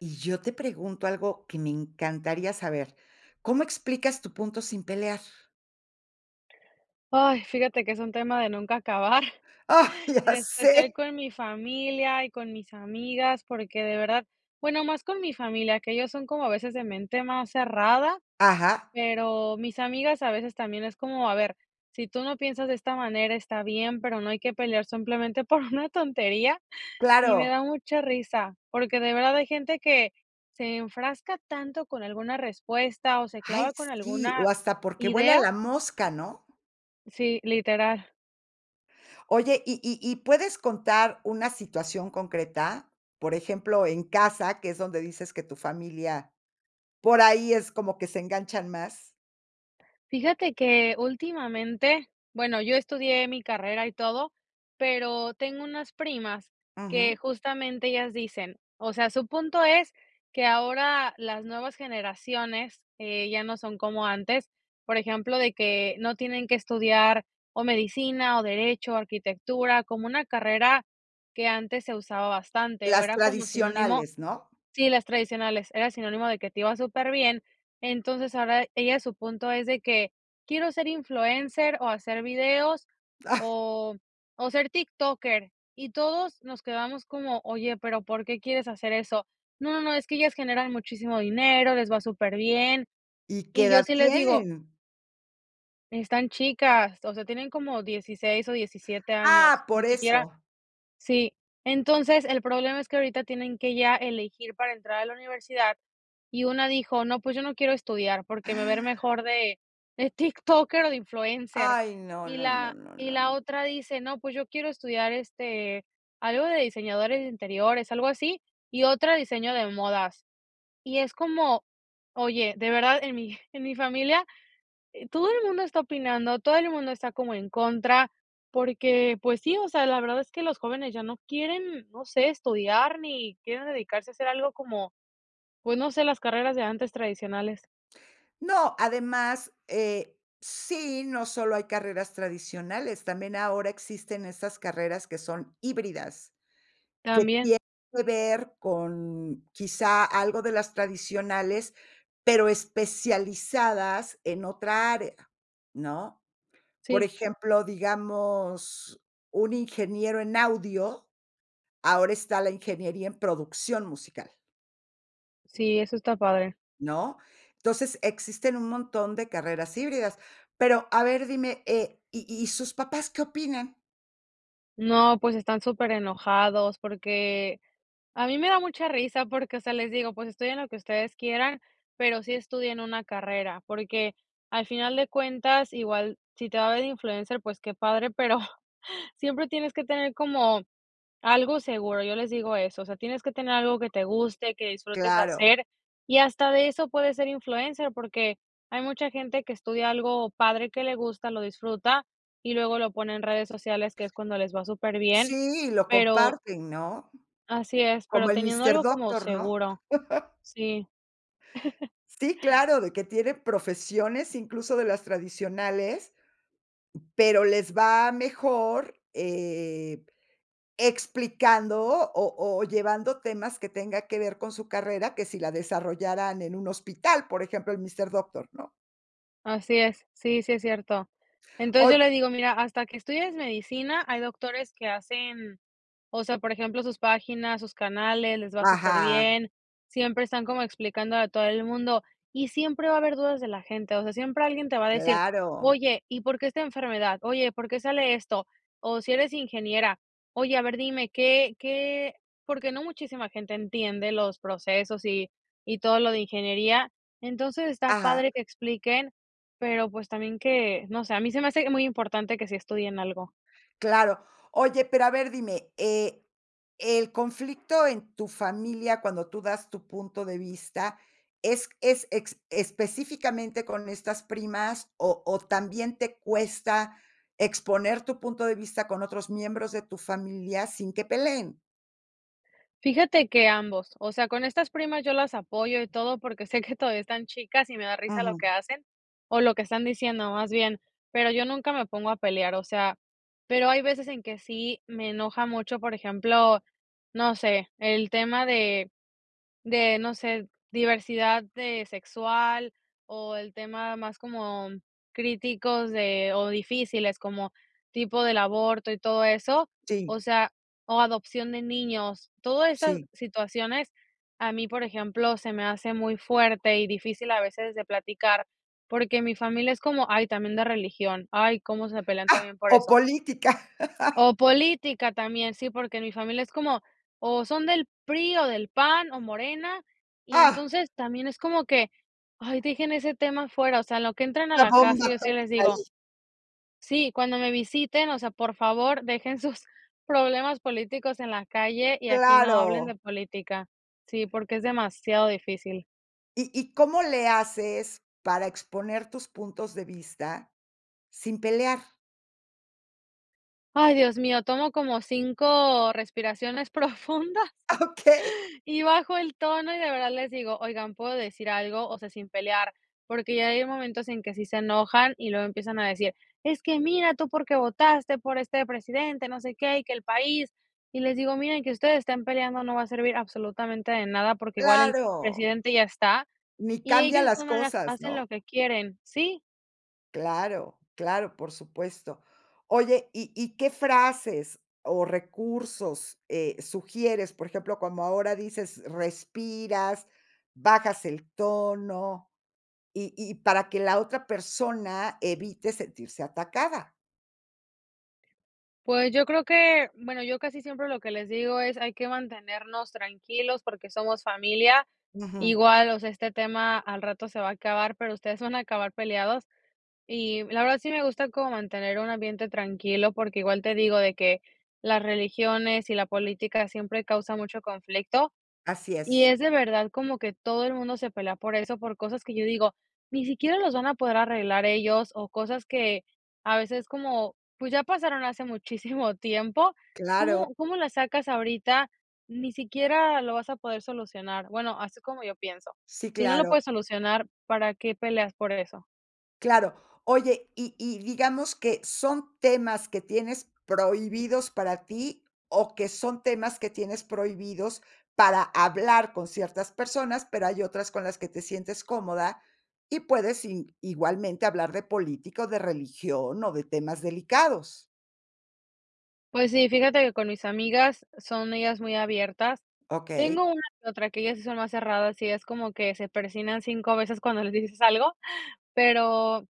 Y yo te pregunto algo que me encantaría saber, ¿cómo explicas tu punto sin pelear? Ay, fíjate que es un tema de nunca acabar, Ah, en ya especial sé. con mi familia y con mis amigas, porque de verdad, bueno, más con mi familia, que ellos son como a veces de mente más cerrada, Ajá. pero mis amigas a veces también es como, a ver, si tú no piensas de esta manera, está bien, pero no hay que pelear simplemente por una tontería. Y me Claro. da mucha risa porque de verdad hay gente que se enfrasca tanto con alguna respuesta o se Ay clava con sí, o alguna hasta porque vuela idea. la mosca, ¿no? Sí, literal. Oye, y y y, ¿puedes contar una situación concreta? Por ejemplo, en casa, que es donde dices que tu familia por ahí es como que se enganchan más. Fíjate que últimamente, bueno, yo estudié mi carrera y todo, pero tengo unas primas que Ujú. justamente ellas dicen, o sea, su punto es que ahora las nuevas generaciones, eh, ya no son como antes, por ejemplo, de que no tienen que estudiar o medicina o derecho, arquitectura, como una carrera que antes se usaba bastante, o Las era como sinónimo, tradicionales, ¿no? sí, las tradicionales, era sinónimo de que te iba superbién. Entonces, ahora, ellas su punto es de que quiero ser influencer o hacer videos Ah. o o ser tiktoker, y todos nos quedamos como: "Oye, pero ¿por qué quieres hacer eso?". No, no, no, es que ellas generan muchísimo dinero, les va superbién. ¿Y qué Y yo edad sí les digo tienen? Están chicas, o sea, tienen como 16 o 17 años, Ah, por ni siquiera eso. sí. Entonces, el problema es que ahorita tienen que ya elegir para entrar a la universidad, y una dijo: "No, pues, yo no quiero estudiar, porque me va a ir mejor de de tiktoker o de influencer". Ay, no Y no no la no y no la no. otra dice: "No, pues yo quiero estudiar, este, algo de diseñadores de interiores", algo así, y otra diseño de modas. Y es como, oye, de verdad en mi en mi familia eh todo el mundo está opinando, todo el mundo está como en contra porque, pues sí, o sea, la verdad es que los jóvenes ya no quieren, no sé, estudiar, ni quieren dedicarse a hacer algo como, pues, no sé, las carreras de antes tradicionales. No, además, eh, sí, no solo hay carreras tradicionales, también ahora existen esas carreras que son híbridas, que También. tiene que ver con quizá algo de las tradicionales, pero especializadas en otra área, ¿no? Por Sí. ejemplo, digamos, un ingeniero en audio, ahora está la ingeniería en producción musical. Sí, eso está padre. ¿No? Entonces, existen un montón de carreras híbridas. Pero, a ver, dime, eh, ¿y y sus papás qué opinan? No, pues están superenojados, porque a mí me da mucha risa porque, o sea, les digo: "Pues estudien lo que ustedes quieran, pero sí estudien una carrera", porque al final de cuentas, igual si te va bien de influencer, pues qué padre, pero siempre tienes que tener como algo seguro, yo les digo eso, o sea, tienes que tener algo que te guste, que disfrutes Claro. hacer, y hasta de eso puedes ser influencer, porque hay mucha gente que estudia algo padre, que le gusta, lo disfruta, y luego lo pone en redes sociales, que es cuando les va superbién, Sí, lo pero comparten, ¿no? Así es, pero Como el teniendo Mister algo como Doctor, ¿no? seguro, sí. Sí, claro, de que tiene profesiones, incluso de las tradicionales, pero les va mejor, eh, explicando o o llevando temas que tenga que ver con su carrera, que si la desarrollaran en un hospital, por ejemplo, el Mister Doctor, ¿no? Así es, sí, sí es cierto. Entonces, Oy yo le digo, mira, hasta que estudies medicina, hay doctores que hacen, o sea, por ejemplo, sus páginas, sus canales, les va Ajá. superbién, siempre están como explicando a todo el mundo, y siempre va a haber dudas de la gente, o sea, siempre alguien te va a decir, Claro. oye, ¿y por qué esta enfermedad? Oye, ¿por qué sale esto? O si eres ingeniera, oye, a ver, dime, ¿qué, qué?, porque no muchísima gente entiende los procesos y y todo lo de ingeniería, entonces, está Ajá. padre que expliquen, pero, pues, también que, no sé, a mí se me hace muy importante que sí estudien algo. Claro, oye, pero a ver, dime eh, ¿el conflicto en tu familia cuando tú das tu punto de vista es es ex específicamente con estas primas, o o también te cuesta exponer tu punto de vista con otros miembros de tu familia sin que peleen? Fíjate que ambos. O sea, con estas primas yo las apoyo y todo, porque sé que todavía están chicas y me da risa lo que Ujú. hacen, o lo que están diciendo, más bien, pero yo nunca me pongo a pelear. O sea, pero hay veces en que sí me enoja mucho, por ejemplo, no sé, el tema de de, no sé, diversidad de sexual, o el tema más como mm críticos de, o difíciles, como tipo del aborto y todo eso, Sí. o sea, o adopción de niños. Todo estas Sí. situaciones, a mí, por ejemplo, se me hace muy fuerte y difícil a veces de platicar, porque mi familia es como, ay, también de religión, ay, cómo se pelean también [unintelligible] por O eso. política. O política también, sí, porque mi familia es como, o son del PRI, o del PAN, o Morena y ¡Ah! entonces también es como que: "Ay dejen ese tema afuera, o sea, en lo que entren a Una la casa", bomba yo sí les atómica digo. ahí. Sí, cuando me visiten, o sea, por favor, dejen sus problemas políticos en la calle y aquí no hablen Claro. de política. Sí, porque es demasiado difícil. ¿Y y cómo le haces para exponer tus puntos de vista sin pelear? Ay, Dios mío, tomo como 5 respiraciones profundas, Okey. y bajo el tono, y de verdad les digo: "Oigan, ¿puedo decir algo?", o sea, sin pelear, porque ya hay momentos en que sí se enojan y luego empiezan a decir: "Es que mira tú por qué votaste por este presidente, no sé qué, y que el país", y les digo: "Miren que ustedes estén peleando no va a servir absolutamente de nada, porque igual el ¡Claro! presidente ya está, Ni y cambia ellos de las todas maneras cosas, hacen ¿no? lo que quieren, ¿sí?". Claro, claro, por supuesto. Oye, ¿y y qué frases o recursos, eh, sugieres? Por ejemplo, como ahora dices respiras, bajas el tono, y y para que la otra persona evite sentirse atacada. Pues yo creo que, bueno, yo casi siempre lo que les digo es hay que mantenernos tranquilos porque somos familia. Ujú. Igual, o sea, este tema al rato se va a acabar, pero ustedes se van a acabar peleados. Y, la verdad, sí me gusta como mantener un ambiente tranquilo porque igual te digo de que las religiones y la política siempre causa mucho conflicto. Así Y es. es, de verdad, como que todo el mundo se pelea por eso, por cosas que yo digo: "Ni siquiera los van a poder arreglar ellos", o cosas que, a veces como, pues, ya pasaron hace muchísimo tiempo, Claro. ¿cómo cómo la sacas ahorita? Ni siquiera lo vas a poder solucionar. Bueno, así como yo pienso. Sí, Si no lo claro. puedes solucionar, ¿para qué peleas por eso? Claro, oye, y y digamos que son temas que tienes prohibidos para ti o que son temas que tienes prohibidos para hablar con ciertas personas, pero hay otras con las que te sientes cómoda y puedes i-igualmente hablar de política o de religión o de temas delicados. Pues sí, fíjate que con mis amigas son ellas muy abiertas. Okey. Tengo una que otra, que ellas sí son más cerradas, y es como que se persignan 5 veces cuando les dices algo, pero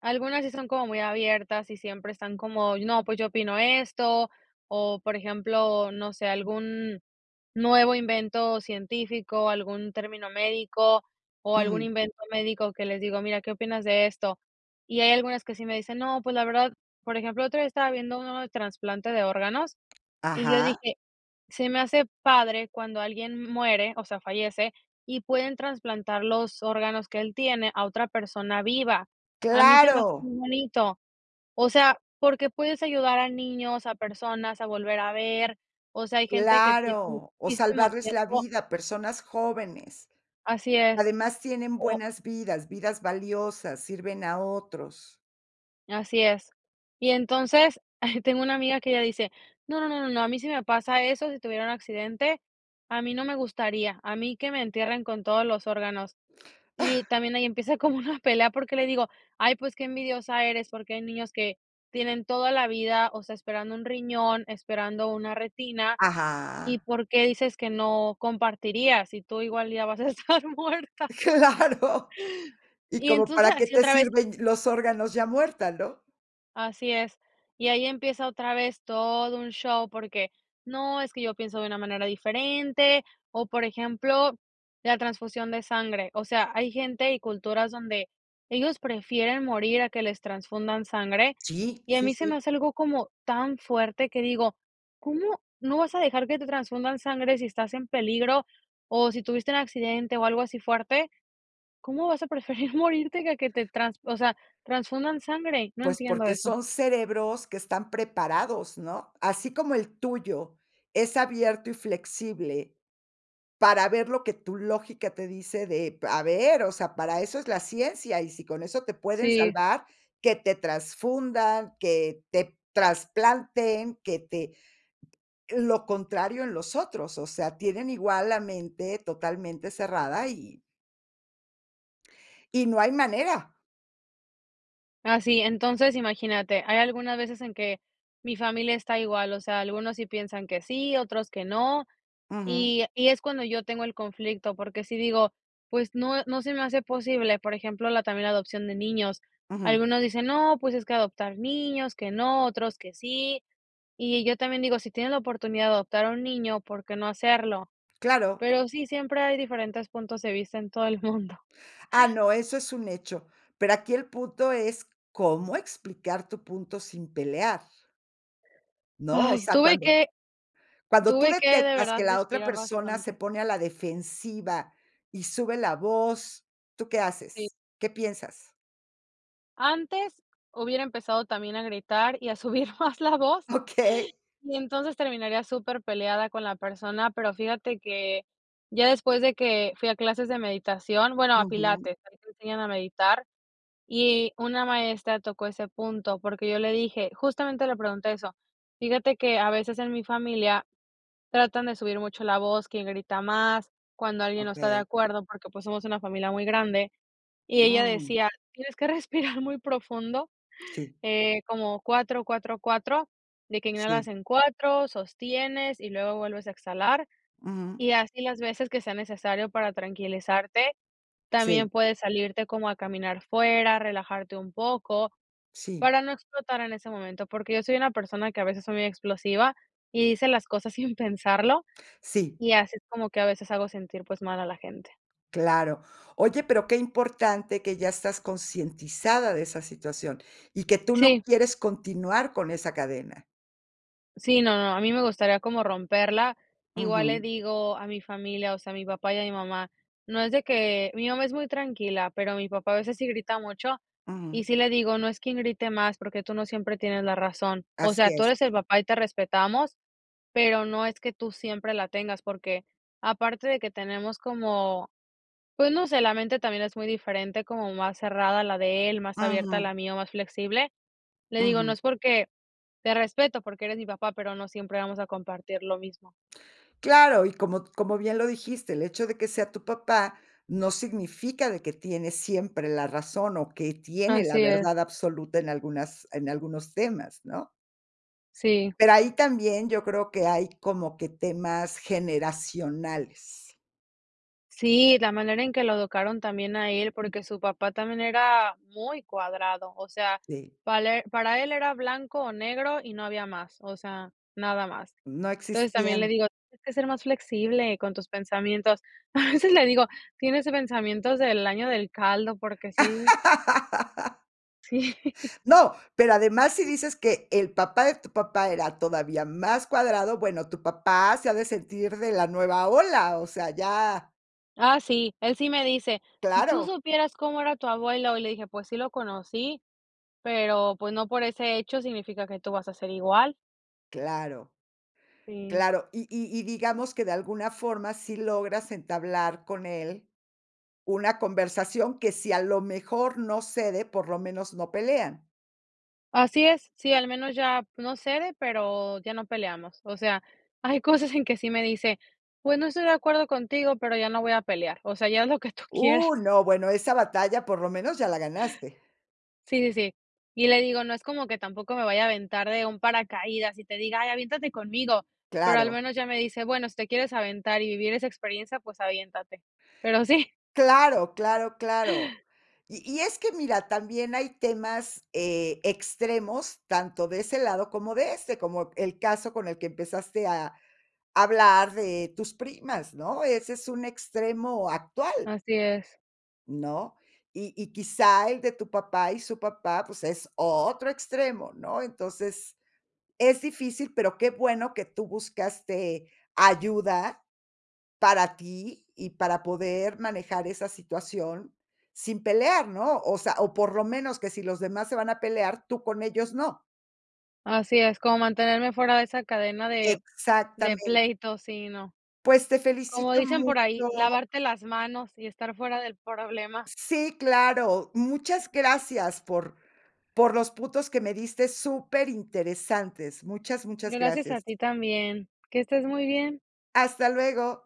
algunas sí son como muy abiertas, y siempre están como: “No, pues yo opino esto”, o, por ejemplo, no sé, algún nuevo invento científico, algún término médico, o algún Ujú. invento médico que les digo: “Mira, ¿qué opinas de esto?”. Y hay algunas que sí me dicen: “No, pues, la verdad” Por ejemplo, el otro día estaba viendo uno de trasplante de órganos, y yo Ajá. dije: “Se me hace padre cuando alguien muere, o sea, fallece, y pueden trasplantar los órganos que él tiene a otra persona viva”. A mí se me hace Claro. muy bonito. O sea, porque puedes ayudar a niños, a personas a volver a ver, o sea, hay gente que tiene Claro, o muchísimo salvarles la tiempo vida a personas jóvenes. Así es, Además tienen o buenas vidas, vidas valiosas, sirven a otros. Así es. Y entonces, ay, tengo una amiga que ella dice: “No, no, no, no, no, a mí sí me pasa eso, si tuviera un accidente, a mí no me gustaría, a mí que me entierren con todos los órganos”. Y también ahí empieza como una pelea porque le digo: “Ay, pues qué envidiosa eres, porque hay niños que tienen toda la vida, o sea, esperando un riñón, esperando una retina, ¿y Ajá. por qué dices que no compartirías, si tú, igual, ya vas a estar muerta?" Claro. Y Y ¿cómo entonces, para qué así te otra vez. sirven los órganos ya muerta?, ¿no? Así es, y ahí empieza otra vez todo un show, porque no, es que yo pienso de una manera diferente, o, por ejemplo, la transfusión de sangre, o sea, hay gente y culturas donde ellos prefieren morir a que les transfundan sangre Sí, y a sí, mí se me sí. hace algo como tan fuerte que digo: "¿Cómo no vas a dejar que te transfundan sangre si estás en peligro o si tuviste un accidente o algo así fuerte? ¿Cómo vas a preferir morirte que a que te o sea, transfundan sangre?" No Pues entiendo porque eso. son cerebros que están preparados, ¿no?, así como el tuyo es abierto y flexible para ver lo que tu lógica te dice de p a ver, o sea, para eso es la ciencia, y sí con eso te pueden Sí. salvar, que te trasfundan, que te trasplanten, que te lo contrario en los otros, o sea, tienen igual la mente totalmente cerrada y y no hay manera. Así, entonces imagínate, hay algunas veces en que mi familia está igual, o sea, algunos sí piensan que sí, otros que no, Ujú. y y es cuando yo tengo el conflicto, porque si digo, pues no, eh, no se me hace posible, por ejemplo, la también la adopción de niños, Ujú. algunos dicen, no, pues es que adoptar niños, que no, otros, que sí, y yo también digo, si tienen la oportunidad de adoptar a un niño, ¿por qué no hacerlo? Claro. Pero sí, siempre hay diferentes puntos de vista en todo el mundo. Ah, no, eso es un hecho, pero aquí el punto es, cómo explicar tu punto sin pelear. No, o Ay, sea, tuve cuando que cuando tú tuve que, de detectas verdad, que la otra respirar persona se bastante. pone a la defensiva y sube la voz, ¿tú qué Sí. haces? ¿Qué piensas? Antes hubiera empezado también a gritar, y a subir más la voz. Okey. Y entonces terminaría superpeleada con la persona, pero fíjate que ya después de que fui a clases de meditación bueno, a Ujú. pilates, ahí te enseñan a meditar, y una maestra tocó ese punto, porque yo le dije, justamente le pregunté eso: "Fíjate que a veces en mi familia tratan de subir mucho la voz", quién grita más, cuando alguien no está de Okey. acuerdo, porque, pues, somos una familia muy grande, y ella Mm. decía: "Tienes que respirar muy profundo", Sí. eh, como 4, 4, 4, de que Sí. inhalas en 4, sostienes, y luego vuelves a exhalar, Ujú. y así las veces que sea necesario para tranquilizarte. También Sí. puedes salirte como a caminar fuera, relajarte un poco, Sí. para no explotar en ese momento, porque yo soy una persona que a veces soy muy explosiva, y dice las cosas sin pensarlo, Sí. y así como que a veces hago sentir, pues, mal a la gente. Claro. Oye, pero qué importante que ya estás concientizada de esa situación, y que tú no Sí. quieres continuar con esa cadena. Sí, no, no, a mí me gustaría como romperla. Igual le Ujú. digo a mi familia, o sea, a mi papá y a mi mamá, no es de que mi mamá es muy tranquila, pero mi papá a veces sí grita mucho, y Ujú. sí le digo: "No es quien grite más, porque tú no siempre tienes la razón". O sea, Así tú es. eres el papá y te respetamos, pero no es que tú siempre la tengas, porque aparte de que tenemos como, pues no sé, la mente también es muy diferente, como más cerrada la de él, más abierta Ujú. la mía, o más flexible. Le digo: "No Ujú. es porque te respeto porque eres mi papá, pero no siempre vamos a compartir lo mismo". Claro, y como como bien lo dijiste, el hecho de que sea tu papá no significa de que tiene siempre la razón o que tiene la Así verdad es. absoluta en algunas en algunos temas, ¿no? Sí. Pero ahí también yo creo que hay como que temas generacionales. Sí, la manera en que lo educaron también a él, porque su papá también era muy cuadrado, o sea, Sí. pale para él era blanco o negro y no había más, o sea, nada más. No Entonces, también le existían. digo: "Tienes que ser más flexible con tus pensamientos". A veces le digo: "Tienes pensamientos del año del caldo", porque sí Sí. No, pero además si dices que el papá de tu papá era todavía más cuadrado, bueno, tu papá se ha de sentir de la nueva ola, o sea, ya Ah, sí, él sí me dice: "Si tú Claro. supieras cómo era tu abuelo", y le dije: "Pues, sí lo conocí, pero, pues, no por ese hecho significa que tú vas a ser igual". Claro. Sí. Claro, y y y digamos que de alguna forma sí logras entablar con él una conversación que si a lo mejor no cede, por lo menos no pelean. Así es, sí, al menos ya no cede, pero, ya no peleamos. O sea, hay cosas en que sí me dice, pues, no estoy de acuerdo contigo, pero, ya no voy a pelear, o sea, ya haz lo que tú quieras. Uh, no, bueno, esa batalla por lo menos ya la ganaste. Sí, sí, sí. Y le digo, no es como que tampoco me vaya a aventar de un paracaídas, y te diga: "Ay, aviéntate conmigo", pero, al Claro. menos ya me dice: "Bueno, si te quieres aventar y vivir esa experiencia, pues aviéntate", pero sí. Claro, claro, claro. Y y es que mira, también hay temas, eh, extremos, tanto de ese lado como de este, como el caso con el que empezaste a a hablar de tus primas, ¿no? Ese es un extremo actual Así es. ¿no? Y y quizá el de tu papá y su papá, pues, es otro extremo, ¿no? Entonces, es difícil, pero, qué bueno que tú buscaste ayuda, para ti y para poder manejar esa situación sin pelear, ¿no? O sea, o por lo menos que si los demás se van a pelear, tú con ellos, no. Así es, como mantenerme fuera de esa cadena de de Exactamente. pleitos, si, no. Pues, te Como felicito dicen por mucho. ahí, lavarte las manos y estar fuera del problema. Sí, claro. Muchas gracias por por los puntos, que me diste superinteresantes. Muchas, muchas Gracias a gracias. ti también. Que estés muy bien. Hasta luego.